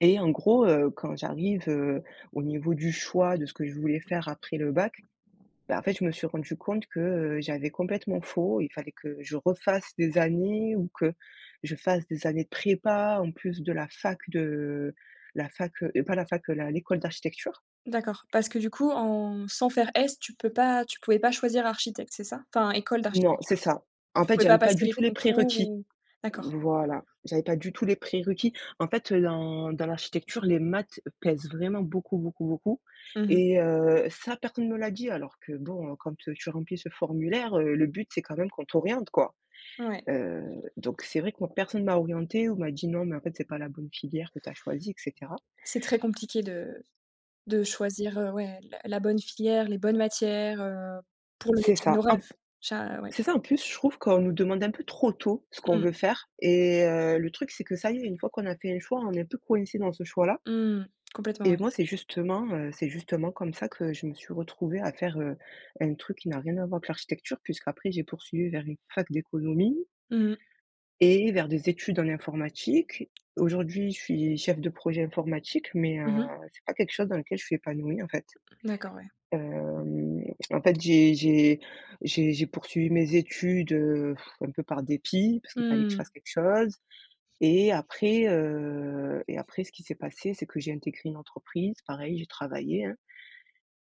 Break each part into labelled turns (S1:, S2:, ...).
S1: Et en gros, heu, quand j'arrive, heu, au niveau du choix de ce que je voulais faire après le bac, bah, en fait, je me suis rendu compte que, heu, j'avais complètement faux. Il fallait que je refasse des années ou que je fasse des années de prépa en plus de la fac de la fac, heu heu, pas la fac, la l'école d'architecture.
S2: D'accord. Parce que, du coup, en sans faire S, tu peux pas tu pouvais pas choisir architecte, c'est ça? Enfin, école
S1: Non, c'est
S2: d'architecture.
S1: ça. En
S2: Tu
S1: fait,
S2: pouvais
S1: j'avais
S2: pas
S1: pas
S2: passer
S1: du
S2: les
S1: tout les
S2: concours
S1: prérequis.
S2: ou D'accord.
S1: Voilà. J'avais pas du tout les prérequis. En fait, heu, dans dans l'architecture, les maths pèsent vraiment beaucoup, beaucoup, beaucoup
S2: Mmh mh.
S1: et heu, ça, personne ne me l'a dit, alors que, bon, heu, quand tu remplis ce formulaire, heu, le but, c'est quand même qu'on t'oriente, quoi.
S2: Ouais.
S1: Heu, donc c'est vrai que moi, personne m'a orientée ou m'a dit: «Non mais en fait, c'est pas la bonne filière que tu as choisie» et cetera.
S2: C'est très compliqué de de choisir, heu, ouais, la la bonne filière, les bonnes matières, heu, pour le
S1: C'est
S2: métier de
S1: ça.
S2: nos
S1: En p
S2: rêves. Cha ouais.
S1: c'est ça. En plus, je trouve qu'on nous demande un peu trop tôt ce qu'on veut
S2: Mmh.
S1: faire et heu, le truc, c'est que ça y est, une fois qu'on a fait un choix, on est un peu coincé dans ce choix-là.
S2: Mmh, complètement,
S1: Et
S2: ouais.
S1: moi, c'est justement, heu, c'est justement comme ça que je me suis retrouvée à faire, heu, un truc qui n'a rien à voir avec l'architecture, puisqu'après j'ai poursuivi vers une fac d'économie
S2: Mmh mh.
S1: et vers des études en informatique. Aujourd'hui, je suis chef de projet informatique mais heu,
S2: Mmh mh.
S1: c'est pas quelque chose dans lequel je suis épanouie, en fait.
S2: Mmh, d'accord, ouais.
S1: Hem, en fait, j'ai j'ai j'ai j'ai poursuivi mes études, heu, un peu par dépit parce
S2: Mmh
S1: qu'il fallait que je
S2: mh. Mmh.
S1: fasse quelque chose et après, heu et après ce qui s'est passé, c'est que j'ai intégré une entreprise. Pareil, j'ai travaillé, hein.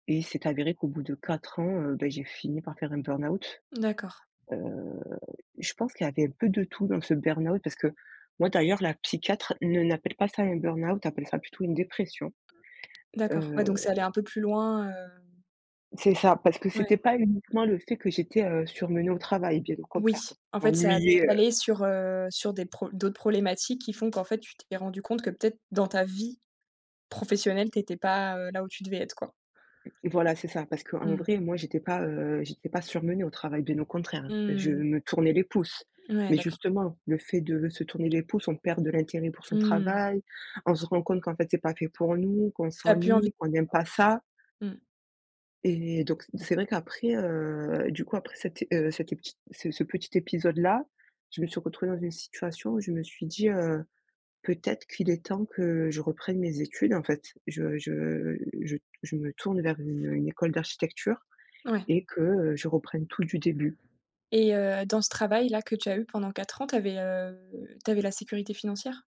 S1: Et il s'est avéré qu'au bout de 4 ans, heu, beh, j'ai fini par faire un burn-out.
S2: D'accord.
S1: Heu, je pense qu'il y avait un peu de tout dans ce burn-out, parce que moi, d'ailleurs, la psychiatre ne n'appelle pas ça un burn-out, appelle ça plutôt une dépression.
S2: D'accord. Ah
S1: Heu
S2: donc c'est allé un peu plus loin, hem
S1: C'est ça, parce que c'était
S2: Ouais.
S1: pas uniquement le fait que j'étais, heu, surmenée au travail, bien au
S2: Oui,
S1: contraire parce que
S2: en
S1: je
S2: fait, ça a
S1: m'ennuyais, heu
S2: décalé sur, heu, sur des pro d'autres problématiques qui font qu'en fait, tu t'es rendu compte que, peut-être, dans ta vie professionnelle, tu étais pas, heu, là où tu devais être, quoi.
S1: Mmh, voilà, c'est ça. Parce qu'en
S2: Mmh.
S1: vrai, moi, j'étais pas, heu, j'étais pas surmenée au travail, bien au contraire. Je
S2: Mmh.
S1: me tournais les pouces.
S2: Ouais,
S1: Mais
S2: d'accord.
S1: justement, le fait de se tourner les pouces, on perd de l'intérêt pour son
S2: Mmh.
S1: travail. On se rend compte qu'en fait, c'est pas fait pour nous, qu'on
S2: Tu as plus envie
S1: s'ennuie,
S2: [unintelligible]
S1: qu'on n'aime pas ça
S2: Mmh.
S1: et donc, c'est vrai qu'après, heu, du coup, après cet, heu, cet, heu, petit ce ce petit épisode-là, je me suis retrouvée dans une situation où je me suis dit, heu: «Peut-être qu'il est temps que je reprenne mes études, en fait. Je je je je me tourne vers une une école d'architecture
S2: Ouais.
S1: et que, heu, je reprenne tout du début».
S2: Et heu, dans ce travail-là que tu as eu pendant 4 ans, tu avais, heu, tu avais la sécurité financière?